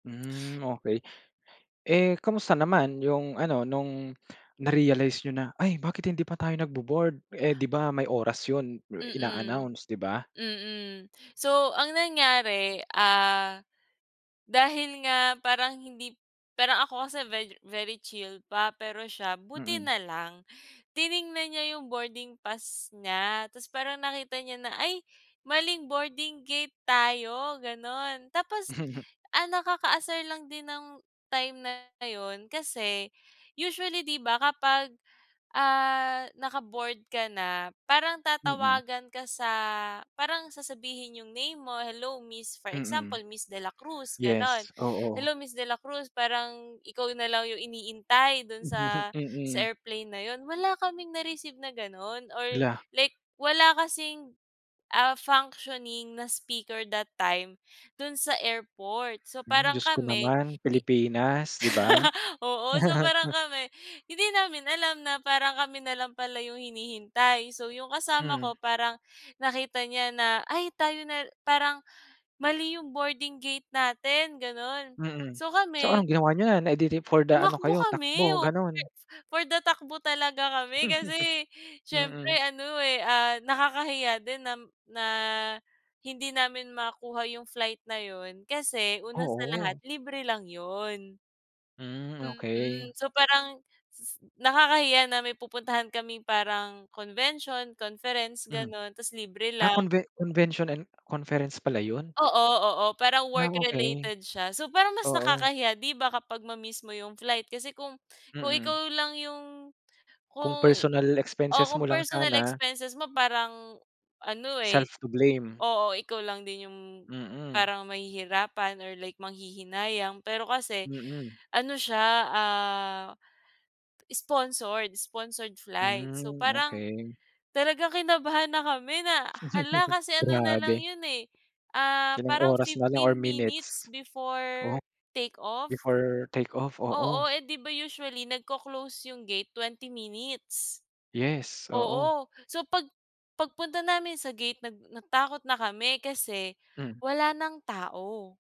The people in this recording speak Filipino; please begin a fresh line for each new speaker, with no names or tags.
Mm, okey. Eh, kamusta naman yung ano nung na-realize n'yo na, "Ay bakit hindi pa tayo nagbo-board? Eh, di ba may oras yun?
Mm.
Ina-announce, 'di ba?
Mm. So, ang nangyari ah, dahil nga parang hindi parang ako kasi vegi very chill pa pero siya buti
Mm.
na lang tiningnan niya yung boarding pass niya tapos parang nakita niya na, "Ay, maling boarding gate tayo" ganon, tapos ang nakakaasar lang din ng time na yun, kasi usually di ba kapag, ah, naka-board ka na parang
Mm.
tatawagan ka sa parang sasabihin yung name mo, "Hello miss" for
Mm.
example Miss Dela Cruz ganon.
Yes. Oo.
"Hello Miss Dela Cruz" parang ikaw na lang yung iniintay dun sa sa
Mm.
airplane na yun." Wala kaming na-receive na ganon or
La.
like wala kasing ah, functioning na speaker that time, dun sa airport. So,
Mm,
parang
Diyos ko
kami
naman,
hi
Pilipinas, di ba?
oo, so parang kami hindi namin alam na parang kami na lang pala yung hinihintay, so yung kasama
Mm.
ko, parang nakita niya na, "Ay, tayo na la parang mali yung boarding gate natin" ganon.
Mm.
So
So
kami,
anong ginawa niyo na? Eh di di for the ano
tumakbo
kayo
kami.
takbo,
[unintelligible] Oo,
ganon.
for the takbo talaga kami kasi, siyempre
Mm.
ano eh, ah, nakakahiya din na na hindi namin makuha yung flight na yun kasi una sa lahat,
Oo.
libre lang yun.
Mm, okey.
Mm, so parang s nakakahiya na may pupuntahan kaming parang convention, conference
Mm.
ganon tapos libre
Ah,
lang.
conve convention and conference pala yun.
Oo, oo parang
Ah,
work
okey.
related siya. So parang mas
Oo.
nakakahiya 'di ba, kapag ma-miss mo yung flight kasi kung kung
Mm.
ikaw lang yung
Kung
kung
personal
oo
expenses mo
kung
lang
personal
sana.
expenses mo parang, ano eh,
Self to blame.
oo, ikaw lang din yung
Mm.
parang mahihirapan or like manghihinayang pero kasi,
Mm.
ano siya ah, sponsored sponsored flight, so
Mm,
parang,
okey.
talagang kinabahan na kami na hala kasi ano na lang
Grabe.
yun eh, ah,
Ilang
parang
oras na lang or
15 minutes
minutes?
before
Oh.
take off.
Before take off,
Oo,
oo.
eh, 'di ba usually nagco-close yung gate 20 minutes.
Yes, oo.
Oo. So pag pagpunta namin sa gate nag natakot na kami kasi
Mm.
wala ng tao.